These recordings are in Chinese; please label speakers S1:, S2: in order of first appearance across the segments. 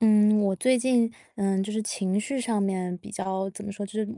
S1: 嗯，我最近，嗯，就是情绪上面比较怎么说，就是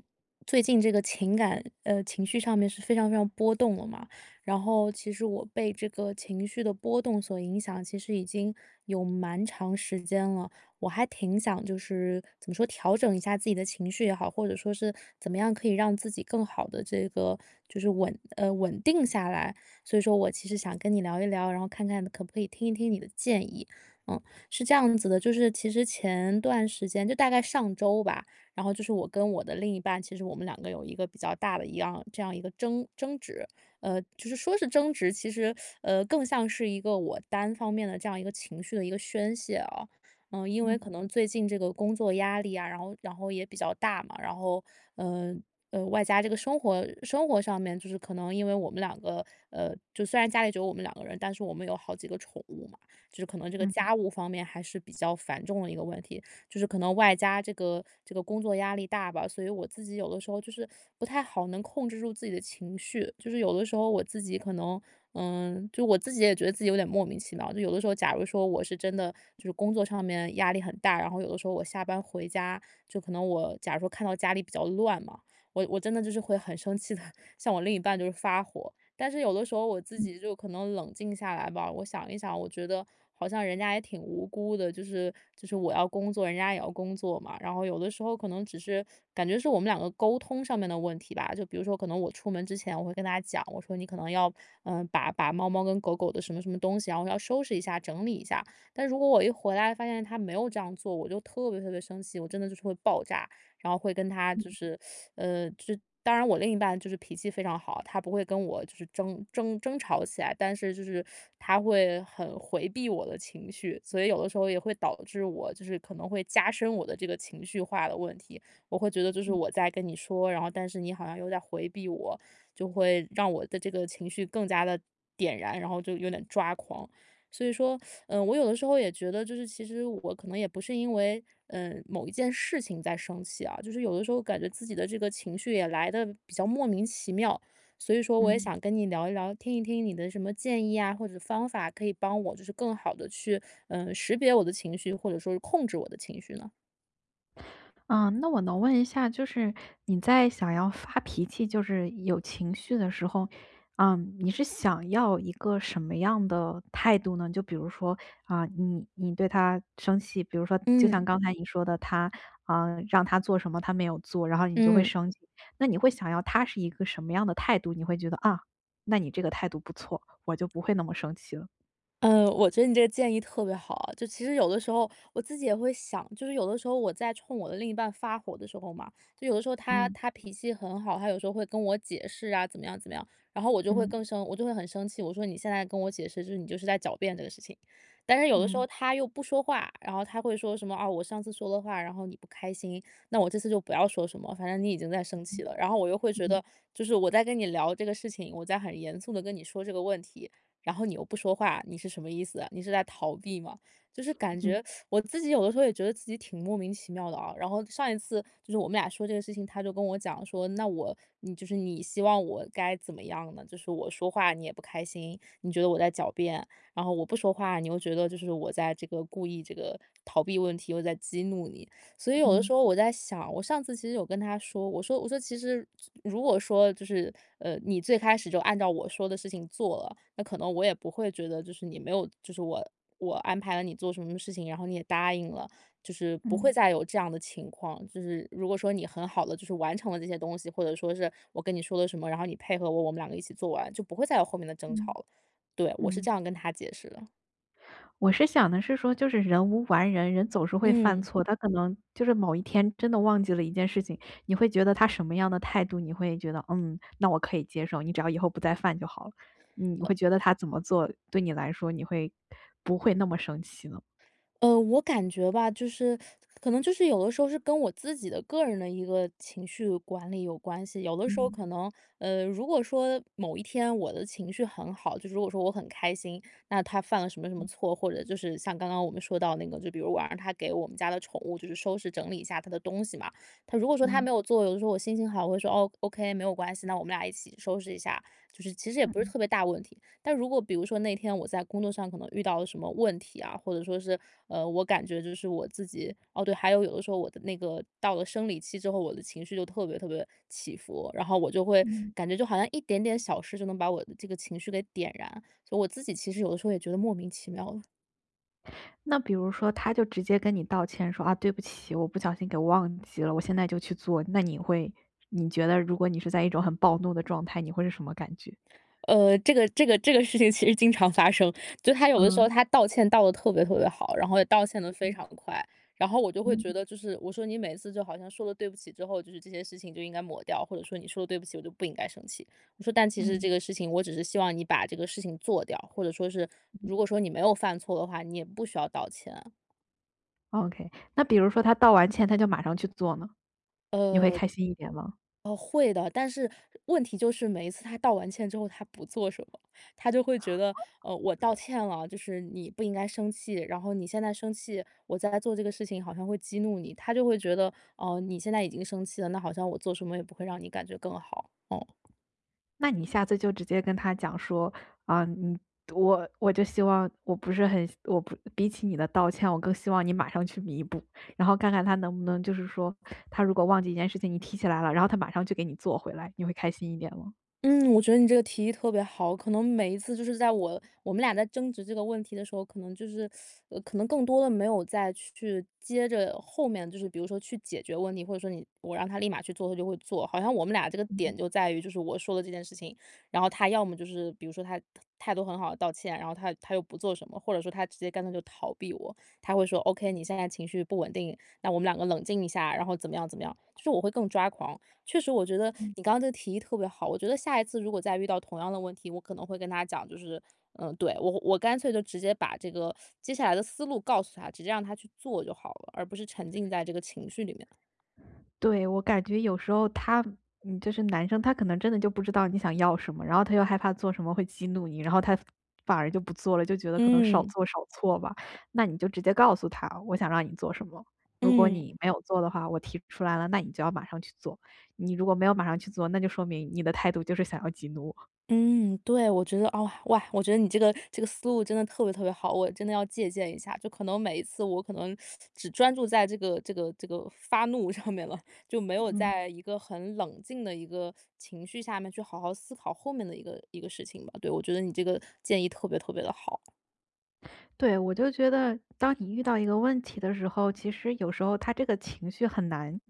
S1: 最近这个情感呃，情绪上面是非常非常波动的嘛。然后其实我被这个情绪的波动所影响其实已经有蛮长时间了，我还挺想就是怎么说，调整一下自己的情绪也好，或者说是怎么样可以让自己更好地这个就是稳呃，稳定下来。所以说我其实想跟你聊一聊然后看看可不可以听一听你的建议。嗯，是这样子的，就是其实前段时间就大概上周吧，然后就是我跟我的另一半其实我们两个有一个比较大的一样这样一个争争执，呃，就是说是争执，其实 呃，更像是一个我单方面的这样一个情绪的一个宣泄啊。呃，因为
S2: 嗯。
S1: 可能最近这个工作压力啊，然后然后也比较大嘛，然后，呃，呃，外加这个生活生活上面就是可能因为我们两个呃，就虽然家里只有我们2个人，但是我们有好几个宠物嘛，就是可能这个
S2: 嗯。
S1: 家务方面还是比较繁重的一个问题。就是可能外加这个这个工作压力大吧，所以我自己有的时候就是不太好能控制住自己的情绪。就是有的时候我自己可能，嗯，就我自己也觉得自己有点莫名其妙。就有的时候假如说我是真的就是工作上面压力很大，然后有的时候我下班回家，就可能我假如说看到家里比较乱嘛，我我真的就是会很生气的向我另一半就是发火。但是有的时候我自
S2: 嗯。
S1: 己就可能冷静下来吧，我想一想，我觉得好像人家也挺无辜的。就是就是我要工作，人家也要工作嘛，然后有的时候可能只是感觉是我们两个沟通上面的问题吧。就比如说可能我出门之前我会跟他讲，我说：“你可能要，嗯，把把猫猫跟狗狗的什么什么东西然后要收拾一下，整理一下。”但如果我一回来发现他没有这样做，我就特别特别生气，我真的就是会爆炸。然后会跟他就
S2: 嗯。
S1: 是，呃就当然我另一半就是脾气非常好，他不会跟我就是争争争吵起来，但是就是他会很回避我的情绪。所以有的时候也会导致我就是可能会加深我的这个情绪化的问题，我会觉得就是
S2: 嗯。
S1: 我在跟你说，然后但是你好像有点儿回避我，就会让我的这个情绪更加地，点燃，然后就有点抓狂。所以说，呃，我有的时候也觉得就是其实我可能也不是因为，嗯，某一件事情在生气啊，就是有的时候感觉自己的这个情绪也来得比较莫名其妙。所以说我也
S2: 嗯。
S1: 想跟你聊一聊、听一听你的什么建议呀或者方法可以帮我就是更好地去，嗯，识别我的情绪，或者说是控制我的情绪呢？
S2: 嗯，那我能问一下，就是你在想要发脾气，就是有情绪的时候，嗯，你是想要一个什么样的态度呢？就比如说，啊，你你对他生气比如说就像
S1: 嗯。
S2: 刚才你说的，他，啊，让他做什么他没有做，然后你就会
S1: 嗯。
S2: 生气。那你会想要他是一个什么样的态度？你会觉得：“啊，那你这个态度不错，我就不会那么生气了。“
S1: 嗯，我觉得你这个建议特别好。就其实有的时候，我自己也会想，就是有的时候我在冲我的另一半发火的时候嘛，就有的时候他
S2: 嗯。
S1: 他脾气很好，他有时候会跟我解释啊，怎么样怎么样，然后我就会
S2: 嗯。
S1: 更生我就会很生气。我说：“你现在跟我解释，就是你就是在狡辩这个事情。”但是有的时候
S2: 嗯。
S1: 他又不说话，然后他会说什么：“啊，我上次说的话，然后你不开心，那我这次就不要说什么，反正你已经在生气
S2: 嗯。
S1: 了。”然后我又会觉
S2: 嗯。
S1: 得：“就是我在跟你聊这个事情，我在很严肃地跟你说这个问题，然后你又不说话，你是什么意思啊？你是在逃避吗？”就是感
S2: 嗯。
S1: 觉 我自己有的时候也觉得自己挺莫名其妙的啊。然后上一次就是我们俩说这个事情，他就跟我讲说：“那我你就是你希望我该怎么样呢？就是我说话你也不开心，你觉得我在狡辩，然后我不说话你又觉得就是我在这个故意这个逃避问题，我在激怒你。“所以有的时
S2: 嗯。
S1: 候我在想，我上次其实有跟他说，我说我说：“其实就如果说就是，呃，你最开始就按照我说的事情做了，那可能我也不会觉得就是你没有就是我我安排了你做什么事情，然后你也答应了，就是不会
S2: 嗯。
S1: 再有这样的情况。就是如果说你很好地就是完成了这些东西，或者说是我跟你说了什么，然后你配合我，我们两个一起做完就不会再有后面的争吵
S2: 嗯。
S1: 了。“对，我是
S2: 嗯。
S1: 这样跟他解释的。
S2: 我是想的是说就是人无完人，人总是会犯
S1: 嗯。
S2: 错。他可能就是某一天真的忘记了一件事情，你会觉得他什么样的态度，你会觉得，嗯，那我可以接受，你只要以后不再犯就好了？你
S1: 呃。
S2: 会觉得他怎么做，对你来说你会不会那么生气呢？
S1: 呃，我感觉吧，就是可能就是有的时候是跟我自己的个人的一个情绪管理有关系。有的时候
S2: 嗯。
S1: 可能，呃，如果说某一天我的情绪很好，就是如果说我很开心，那他犯了什么什么
S2: 嗯。
S1: 错，或者就是像刚刚我们说到那个，就比如我让他给我们家的宠物就是收拾整理一下它的东西嘛，他如果说他
S2: 嗯。
S1: 没有做，有的时候我心情好，我会说哦，okay，没有关系，那我们俩一起收拾一下，就是其实也不是
S2: 嗯。
S1: 特别大的问题。但如果比如说，那天我在工作上可能遇到了什么问题啊，或者说是，呃，我感觉就是我自己哦，对，还有有的时候我的那个到了生理期之后，我的情绪就特别特别起伏，然后我就会
S2: 嗯。
S1: 感觉就好像一点点小事就能把我的这个情绪给点燃，所以我自己其实有的时候也觉得莫名其妙了。
S2: 那比如说他就直接跟你道歉说：“啊，对不起，我不小心给忘记了我现在就去做。“那你会你觉得如果你是在一种很暴怒的状态，你会是什么感觉？
S1: 呃，这个这个这个事情其实经常发生，就他有的时
S2: 嗯。
S1: 候他道歉道得特别特别好，然后也道歉得
S2: 嗯
S1: 非
S2: 哼。
S1: 常快。然后我就会觉
S2: 嗯。
S1: 得就是我说”你每次就好像说了对不起之后，就是这些事情就应该抹掉，“或者说”你说了对不起我就不应该生气。“我说：“但其实
S2: 嗯。
S1: 这个事情，我只是希望你把这个事情做掉，“或者说是”
S2: 嗯。
S1: 如果说你没有犯错的话你也不需要道歉。“
S2: OK。那比如说他道完歉他就马上去做呢？你会
S1: 呃
S2: 开心一点吗？
S1: 呃，会的。但是问题就是每一次他道完歉之后他不做什么。他就会觉得- 呃，我道歉了就是你不应该生气，然后你现在生气我在做这个事情好像会激怒你。他就会觉得-哦，你现在已经生气了，那好像我做什么也不会让你感觉更好。嗯。
S2: 那你下次就直接跟他讲说：“啊，你我我就希望我不是很我不比起你的道歉我更希望你马上去弥补。“然后看看他能不能就是说他如果忘记一件事情你提起来了，然后他马上就给你做回来，你会开心一点吗？
S1: 嗯，我觉得你这个提议特别好。可能每一次就是在我-我们俩在争执这个问题的时候，可能就是 呃可能更多的没有再去接着后面就是比如说去解决问题，或者说你我让他立马去做他就会做。好像我们俩这个点
S2: 嗯。
S1: 就在于就是我说的这件事情，然后他要么就是比如说他态态度很好地道歉，然后他他又不做什么或者他直接干脆就逃避我。他会说
S2: 嗯
S1: ：“OK，你
S2: 哼。
S1: 现在情绪不稳定，那我们两个冷静一下。“然后怎么样，怎么样，就是我会更抓狂。确实我觉得
S2: 嗯
S1: 你刚才这个提议特别好，我觉得下一次如果再遇到同样的问题，我可能会跟他讲就是嗯，对，我我干脆就直接把这个接下来的思路告诉他，直接让他去做就好了，而不是沉浸在这个情绪里面了。
S2: 对，我感觉有时候他嗯，就是男生他可能真的就不知道你想要什么，然后他又害怕做什么会激怒你，然后他反而就不做了，就觉得可能少
S1: 嗯。
S2: 做少错吧。那你就直接告诉他：“我想让你做什么，如果
S1: 嗯。
S2: 你没有做的话，我提出来了那你就要马上去做，你如果没有马上去做，那就说明你的态度就是想要激怒我。”
S1: 嗯，对，我觉得，啊，哇，我觉得你这个这个思路真的特别特别好，我真的要借鉴一下。就可能每一次我可能 只专注在这个这个这个发怒上面了，就没有
S2: 嗯。
S1: 在一个很冷静的一个情绪下面去好好思考后面的一个一个事情吧。对，我觉得你这个建议特别特别得好。
S2: 对，我就觉得当你遇到一个问题的时候，其实有时候它这个情绪很难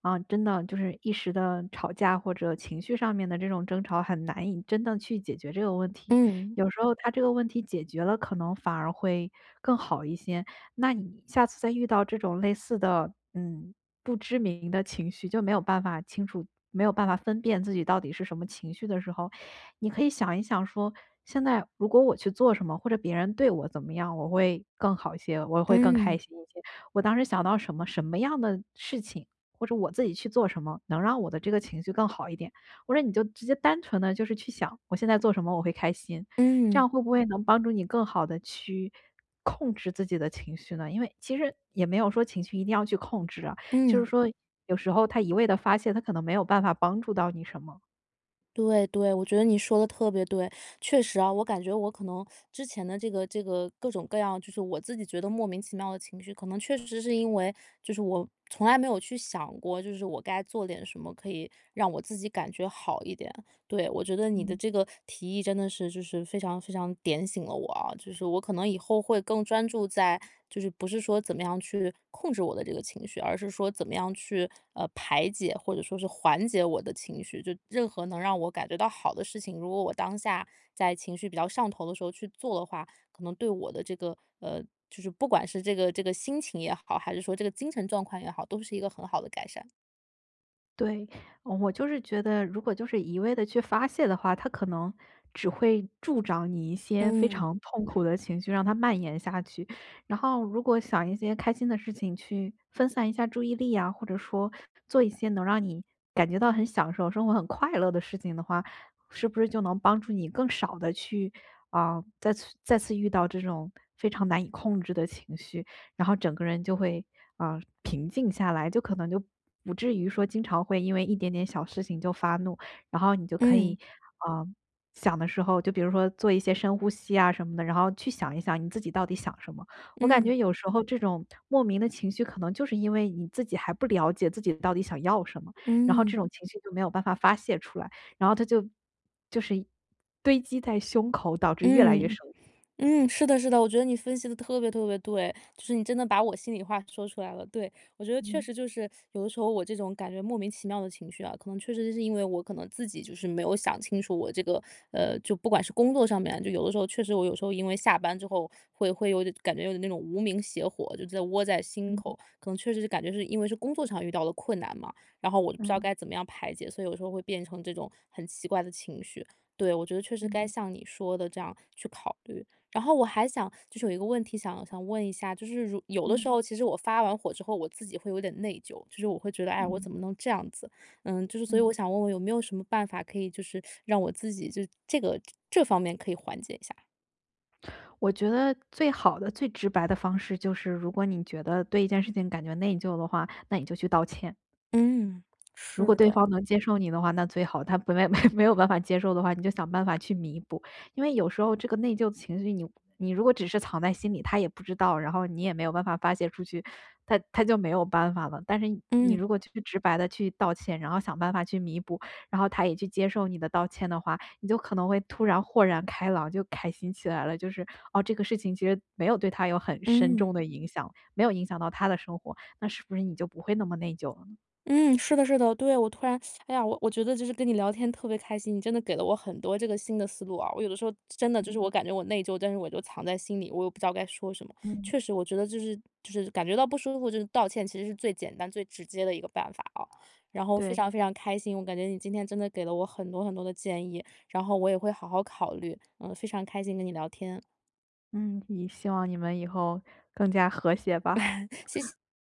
S2: 啊，真的就是一时的吵架或者情绪上面的这种争吵，很难以真正去解决这个问题。
S1: 嗯。
S2: 有时候它这个问题解决了，可能反而会更好一些。那你下次再遇到这种类似的，嗯，不知名的情绪，就没有办法清楚没有办法分辨自己到底是什么情绪的时候，你可以想一想说，现在如果我去做什么，或者别人对我怎么样，我会更好一些，我会更开
S1: 嗯。
S2: 心一些。我当时想到什么什么样的事情，或者我自己去做什么，能让我的这个情绪更好一点。或者你就直接单纯地就是去想，我现在做什么我会开心。这
S1: 嗯。
S2: 样会不会能帮助你更好地去控制自己的情绪呢？因为其实也没有说情绪一定要去控制啊，就是
S1: 嗯。
S2: 说有时候它一味地发泄，它可能没有办法帮助到你什么。
S1: 对对，我觉得你说得特别对。确实啊，我感觉我可能之前的这个这个各种各样就是我自己觉得莫名其妙的情绪，可能确实是因为，就是我从来没有去想过，就是我该做点什么可以让我自己感觉好一点。对，我觉得你的
S2: 嗯。
S1: 这个提议真的是就是非常非常点醒了我啊，就是我可能以后会更专注在就是不是说怎么样去控制我的这个情绪，而是说怎么样去，呃，排解，或者说是缓解我的情绪。就任何能让我感觉到好的事情，如果我当下在情绪比较上头的时候去做的话，可能对我的这个呃，就是不管是这个这个心情也好，还是说这个精神状况也好，都是一个很好的改善。
S2: 对，嗯我就是觉得，如果就是一味地去发泄的话，它可能只会助长你一些非
S1: 嗯。
S2: 常痛苦的情绪，让它蔓延下去。然后如果想一些开心的事情去分散一下注意力啊，或者说做一些能让你感觉到很享受生活、很快乐的事情的话，是不是就能帮助你更少地去呃，再次再次遇到这种非常难以控制的情绪，然后整个人就会，呃，平静下来，就可能就不至于说经常会因为一点点小事情就发怒。然后你就可以，
S1: 嗯。
S2: 呃，想的时候，就比如说做一些深呼吸啊什么的，然后去想一想你自己到底想什么。我感
S1: 嗯。
S2: 觉有时候这种莫名的情绪可能就是因为你自己还不了解自己到底想要什么，然后这
S1: 嗯。
S2: 种情绪就没有办法发泄出来。然后它就就是一堆积在胸口，导致越来越
S1: 嗯，
S2: 深。
S1: 嗯，是的是的，我觉得你分析得特别特别对，就是你真的把我心里话说出来了，对。我觉得确
S2: 嗯。
S1: 实就是，有的时候我这种感觉莫名其妙的情绪啊，可能确实就是因为我可能自己就是没有想清楚我这个呃，就不管是工作上面就有的时候，确实我有时候因为下班之后会会有点感觉有点那种无名邪火就真的窝在心
S2: 嗯。
S1: 口。可能确实是感觉就是因为是工作上遇到的困难嘛，然后我就不知道
S2: 嗯。
S1: 该怎么样排解，所以有的时候会变成这种很奇怪的情绪，对。我觉得确实该
S2: 嗯。
S1: 像你说的这样去考虑。然后我还想就是有一个问题想想问一下，就是如有的
S2: 嗯。
S1: 时候其实我发完火之后，我自己会有点内疚。就是我会觉得-哎，我
S2: 嗯。
S1: 怎么能这样子？嗯，就是所以
S2: 嗯。
S1: 我想问问有没有什么办法可以就是 让我自己就是这个这这方面可以缓解一下？
S2: 我觉得最好的最直白的方式就是如果你觉得对一件事情感觉内疚的话，那你就去道歉。
S1: 嗯，
S2: 如
S1: 是
S2: 果对
S1: 的。
S2: 方能接受你的话，那最好。他本来没 没有办法接受的话，你就想办法去弥补。因为有时候这个内疚的情绪，你你如果只是藏在心里，他也不知道，然后你也没有办法发泄出去，它它就没有办法了。但是你
S1: 嗯。
S2: 如果去直白地去道歉，然后想办法去弥补，然后他也去接受你的道歉的话，你就可能会突然豁然开朗，就开心起来了。就是哦，这个事情其实没有对他有很深
S1: 嗯。
S2: 重的影响，没有影响到他的生活，那是不是你就不会那么内疚了呢？
S1: 嗯，是的是的，对，我突然 哎呀，我觉得就是跟你聊天特别开心，你真的给了我很多这个新的思路啊。我有的时候，真的，就是我感觉我内疚，但是我就藏在心里，我也不知道该说什么。
S2: 嗯。
S1: 确实我觉得就是就是感觉到不舒服，道歉其实是最简单最直接的一个办法啊。然后非
S2: 对。
S1: 常非常开心，我感觉你今天真的给了我很多很多的建议，然后我也会好好考虑。嗯，非常开心跟你聊天。
S2: 嗯，也希望你们以后更加和谐吧。
S1: 谢谢。